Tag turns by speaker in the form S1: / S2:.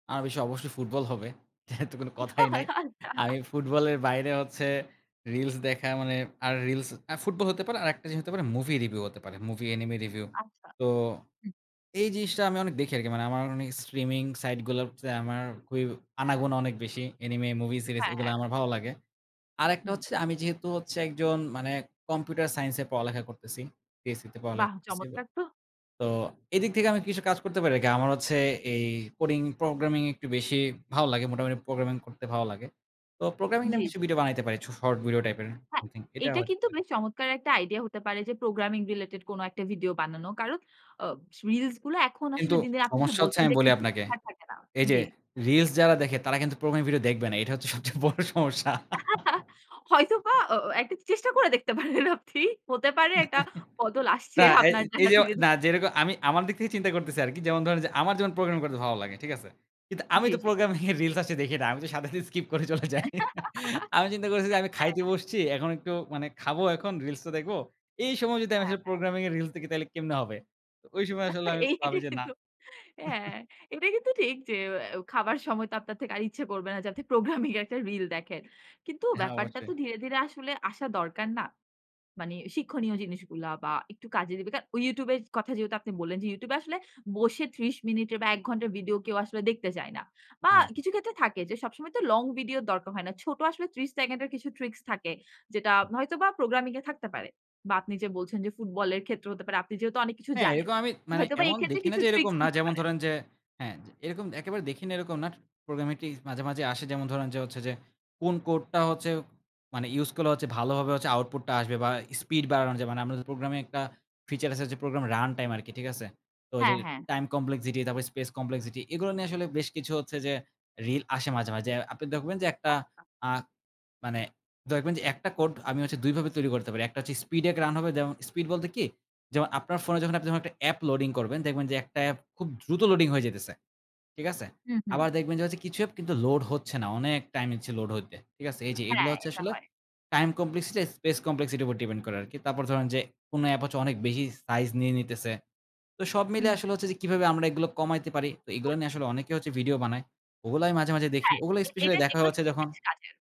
S1: আমি স অবশ্যই ফুটবল হবে। যেহেতু তো কোনো কথাই নাই
S2: আল্লাহ!
S1: আমি ফুটবলের বাইরে হচ্ছে reels দেখা, মানে আর reels আ ফুটবল হতে পারে আরেকটা জিনিস হতে পারে মুভি রিভিউ হতে পারে। Movie enemy review.
S2: আচ্ছা।
S1: তো
S2: উ
S1: এই জিনিসটা আমি অনেক দেখি আরকি। মানে আমার অনেক স্ট্রিমিং সাইট গুলোতে আমার খুবই আনাগোনা অনেক বেশি। এনিমে মুভি সিরিজ
S2: হ্যাঁ।
S1: এগুলা
S2: হ্যাঁ।
S1: আমার ভালো লাগে। আরেকটা
S2: হুম।
S1: হচ্ছে আমি যেহেতু হচ্ছে একজন মানে কম্পিউটার সাইন্স এ পড়ালেখা করতেছি। PSCতে পড়ালেখা
S2: বাহ!
S1: করতেছি এবার।
S2: চমৎকার তো।
S1: তো এদিক থেকে আমি কিছু কাজ করতে পারি আরকি, আমার হচ্ছে এই কোডিং প্রোগ্রামিং একটু বেশি ভালো লাগে। মোটামুটি প্রোগ্রামিং করতে ভালো লাগে। তো প্রোগ্রামিংটা
S2: জ্বী,
S1: আমি কিছু
S2: জ্বী।
S1: ভিডিও বানাইতে পারি। চ শর্ট ভিডিও টাইপের
S2: হ্যাঁ,
S1: এভ্রিথিং এটা
S2: এটা
S1: হয়তো
S2: কিন্তু
S1: পারে।
S2: বেশ চমৎকার একটা আইডিয়া হতে পারে যে প্রোগ্রামিং রিলেটেড কোনো একটা ভিডিও বানানো। কারণ আ রিলস গুলা এখন
S1: কিন্তু
S2: আসলে দিন, দিন, আপনি যে
S1: সমস্যা হচ্ছে
S2: বলছেন
S1: আমি
S2: যে
S1: বলি
S2: কিছু
S1: আপনাকে।
S2: শেখার থাকে না।
S1: এই যে
S2: জী।
S1: reels যারা দেখে তারা কিন্তু প্রোগ্রামের ভিডিও দেখবে না। এটা হচ্ছে সবচেয়ে বড় সমস্যা।
S2: হয়তোবা অ আ একটা চেষ্টা করে দেখতে পারেন আপনি হতে পারে একটা বদল আসছে
S1: না এই
S2: আপনার জন্য
S1: এইযে,
S2: ধীরে,
S1: না
S2: ধীরে।
S1: যেরকম আমি আমার দিক থেকে চিন্তা করতেছি আরকি। যেমন ধরেন যে আমার যেমন প্রোগ্রামিং
S2: হ্যাঁ।
S1: করতে ভালো লাগে। ঠিক আছে? কিন্তু আমি
S2: জ্বী,
S1: তো
S2: জ্বী।
S1: প্রোগ্রামিং এর রিলস আছে দেখি না। আমি তো সাথে, সাথে, স্কিপ করে চলে যাই আমি চিন্তা করছি যে আমি
S2: হ্যাঁ।
S1: খাইতে বসছি। এখন একটু মানে খাবো এখন reels টা দেখবো। এই সময় যদি আমি
S2: হ্যাঁ,
S1: আসলে
S2: হ্যাঁ।
S1: প্রোগ্রামিং এর reels দেখি তাহলে কেমনে হবে? ওই সময় আসলে আমি
S2: এটা
S1: ভাবি যে না।
S2: কিন্তু হ্যাঁ এটা কিন্তু ঠিক যে এ্যা খাবার সময় তো আপনার থেকে আর ইচ্ছা করবে না যে আপনি প্রোগ্রামিং একটা রিল দেখেন। কিন্তু
S1: হ্যাঁ
S2: ব্যাপারটা
S1: অবশ্যই।
S2: তো ধীরে, ধীরে আসলে আসা দরকার না? মানি শিক্ষণীয় জিনিসগুলা বা একটু কাজে দিবে। কারণ ওই YouTube এর কথা যেহেতু আপনি বললেন যে YouTube এ আসলে বসে ৩০ মিনিট এ বা ১ ঘন্টা ভিডিও কেউ আসলে দেখতে চায় না। বা
S1: হুম।
S2: কিছু ক্ষেত্রে থাকে যে সবসময় তো লং ভিডিওর দরকার হয় না। ছোট আসলে ৩০ সেকেন্ডের কিছু ট্রিকস থাকে। যেটা
S1: হুম।
S2: হয়তোবা প্রোগ্রামিং এ থাকতে পারে। বা আপনি যে বলছেন যে ফুটবলের ক্ষেত্রে হতে পারে, আপনি যেহেতু অনেক কিছু
S1: হ্যাঁ।
S2: জানেন।
S1: এরকম আমি মানে
S2: হয়তোবা
S1: এমন
S2: এক্ষেত্রে
S1: দেখি না
S2: কিছু
S1: যে এরকম
S2: ট্রিকস
S1: না।
S2: দিতে
S1: যেমন
S2: পারেন।
S1: ধরেন যে হ্যাঁ? এরকম একেবারে দেখি না এরকম না প্রোগ্রামিং টি মাঝে, মাঝে, আসে যেমন ধরেন যে হচ্ছে যে, কোন কোডটা হচ্ছে মানে ইউস করলে ভালোভাবে আউটপুট টা আসবে বা স্পিড বাড়ানোর যে, মানে আমাদের প্রোগ্রামে একটা ফিচার আছে যে প্রোগ্রাম রান টাইম আরকি। ঠিক আছে? তো ওইযে
S2: হ্যাঁ, হ্যাঁ।
S1: টাইম কমপ্লেক্সিটি, তারপরে স্পেস কমপ্লেক্সিটি এগুলো নিয়ে আসলে বেশ কিছু হচ্ছে যে রিল আসে মাঝে, মাঝে। আপনি দেখবেন যে একটা
S2: আচ্ছা
S1: আ মানে দেখবেন যে, একটা কোড আমি হচ্ছে ২ ভাবে তৈরি করতে পারি। একটা হচ্ছে স্পিড এক রান হবে, [unintelligible] স্পিড বলতে কি? যেমন আপনার ফোনে যখন আপনি একটা অ্যাপ লোডিং করবেন। দেখবেন যে একটা এ্যাপ খুব দ্রুত লোডিং হয়ে যাইতেছে। ঠিক আছে?
S2: হু, হু।
S1: আবার দেখবেন যে কিছু অ্যাপ কিন্তু লোড হচ্ছে না। অনেক টাইম নিচ্ছে লোড হইতে। ঠিক আছে? এইযে এগুলা
S2: হ্যাঁ
S1: হচ্ছে
S2: এটা
S1: আসলে
S2: হয়।
S1: টাইম কমপ্লেক্সিটি স্পেস কমপ্লেক্সিটি উপর ডিপেন্ড করে আরকি। তারপর ধরুন যে কোনো অ্যাপ হচ্ছে অনেক বেশি সাইজ নিয়ে নিতেছে। তো সব
S2: হু,
S1: মিলিয়ে
S2: হু।
S1: আসলে হচ্ছে যে কিভাবে আমরা এগুলো কমাইতে পারি। তো
S2: [unintelligible]
S1: এগুলা নিয়ে আসলে অনেকে ভিডিও বানায়। ওগুলাই আমি মাঝে, মাঝে, দেখি।
S2: হ্যাঁ
S1: ওগুলো
S2: এ
S1: স্পেশাল
S2: এটা
S1: দেখা
S2: এগুলো
S1: হচ্ছে
S2: কিন্তু
S1: যখন
S2: বেশ কাজের।